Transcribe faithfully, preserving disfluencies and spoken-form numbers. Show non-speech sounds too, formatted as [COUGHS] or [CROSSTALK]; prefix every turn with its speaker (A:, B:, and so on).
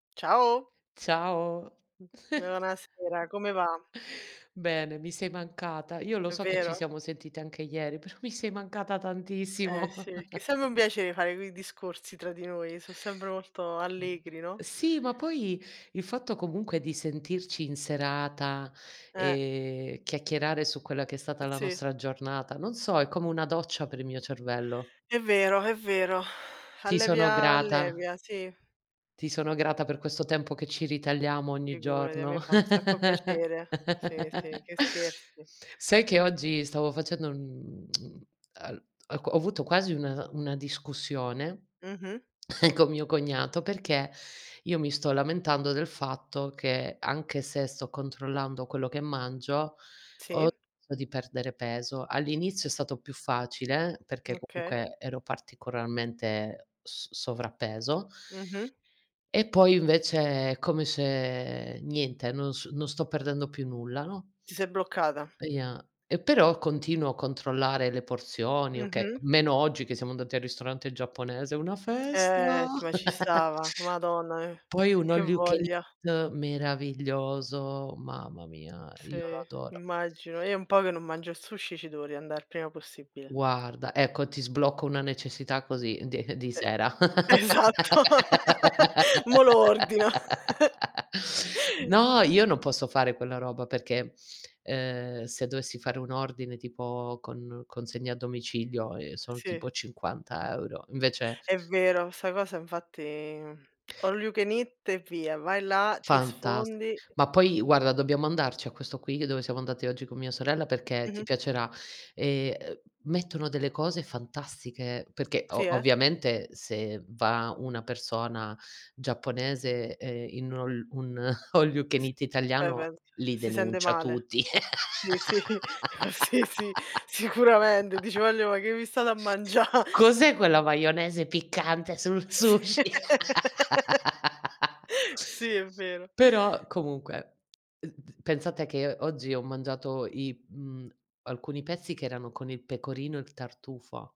A: Ciao.
B: Ciao.
A: Buonasera,
B: [CHUCKLES]
A: come va?
B: Bene, mi sei mancata. Io lo
A: È
B: so che ci
A: vero.
B: siamo sentite anche ieri, però mi sei mancata
A: Eh sì,
B: tantissimo.
A: che è
B: [CHUCKLES]
A: sembe un piacè fare quei discorsi tra di noi. Sò sempre molto allegri, no?
B: Sì, ma poi il fatto comunque di sentirci in serata,
A: Eh.
B: ehm, chiacchierare su quella che è stata la
A: Sì.
B: nostra giornata, non so, è come una doccia per il mio cervello.
A: È vero, è vero. [SIGHS]
B: Ti sono
A: Allevia
B: grata.
A: allevia, sì.
B: Ti sono grata per questo tempo che ci ritagliamo ogni
A: Figurati, a me
B: giorno.
A: fa un sacco piacere. Sì,
B: [CHUCKLES]
A: sì, che scherzi?
B: Sai che oggi stavo facendo, mhmm, [TSK] uhm, al al co ho avuto quasi un una discussione
A: Mh-mh.
B: [COUGHS] con mio cognato perché io mi sto lamentando del fatto che, anche se sto controllando quello che mangio, ho
A: Sì.
B: smesso di perdere peso. All'inizio è stato più facile perché
A: Okay.
B: comunque ero particolarmente s sovrappeso
A: Mh-mh.
B: e poi invece è come se niente, non s non sto perdendo più nulla, no?
A: Ti sei bloccata.
B: E ia e però continuo a controllare le porzioni, okay,
A: Mh-mh.
B: meno oggi che siamo andati al ristorante giapponese, una festa.
A: Eh, ma ci
B: [CHUCKLES]
A: stava. Madonna eh,
B: Poi un
A: che
B: all you can
A: voglia.
B: eat, meraviglioso. Mamma mia, io lo
A: Sì,
B: adoro.
A: immagino. Io è un po' che non mangio il sushi, ci devo riandà il prima possibile.
B: Guarda, ecco, ti sblocco una necessità così di di
A: E
B: sera.
A: esatto, [LAUGHS] mò lo ordino.
B: [LAUGHS]
A: [CHUCKLES]
B: No, io non posso fare quella roba perché, ehm, se dovessi fare un ordine, tipo con consegna a domicilio, ehm, sono
A: Sì.
B: tipo cinquanta euro, invece
A: È vero, 'sta cosa infatti, mh. [CLICKS TONGUE] All you can eat e via, vai là, ti
B: Fantastico.
A: sfondi.
B: Ma poi guarda, dobbiamo andarci a questo qui dove siamo andati oggi con mia sorella perché ti
A: Mh-mh.
B: piacerà. Ehm, uhm, mettono delle cose fantastiche perché
A: Sì,
B: o
A: eh?
B: ovviamente se va una persona giapponese, ehm, in ol un [CHUCKLES] all you can
A: S
B: eat
A: eh
B: italiano
A: beh,
B: li
A: si sente
B: denuncia
A: male.
B: tutti.
A: Sì, sì, sì, sì, sicuramente. Dice:
B: [LAUGHS]
A: "Wagliò, ma che vi state a mangià?"
B: “Cos'è quella maionese piccante sul
A: S
B: sushi?”
A: [LAUGHS]
B: [LAUGHS]
A: sì è vero.
B: Però comunque, ed d pensa che oggi ho mangiato i mhmm, alcuni pezzi che erano con il pecorino e il tartufo.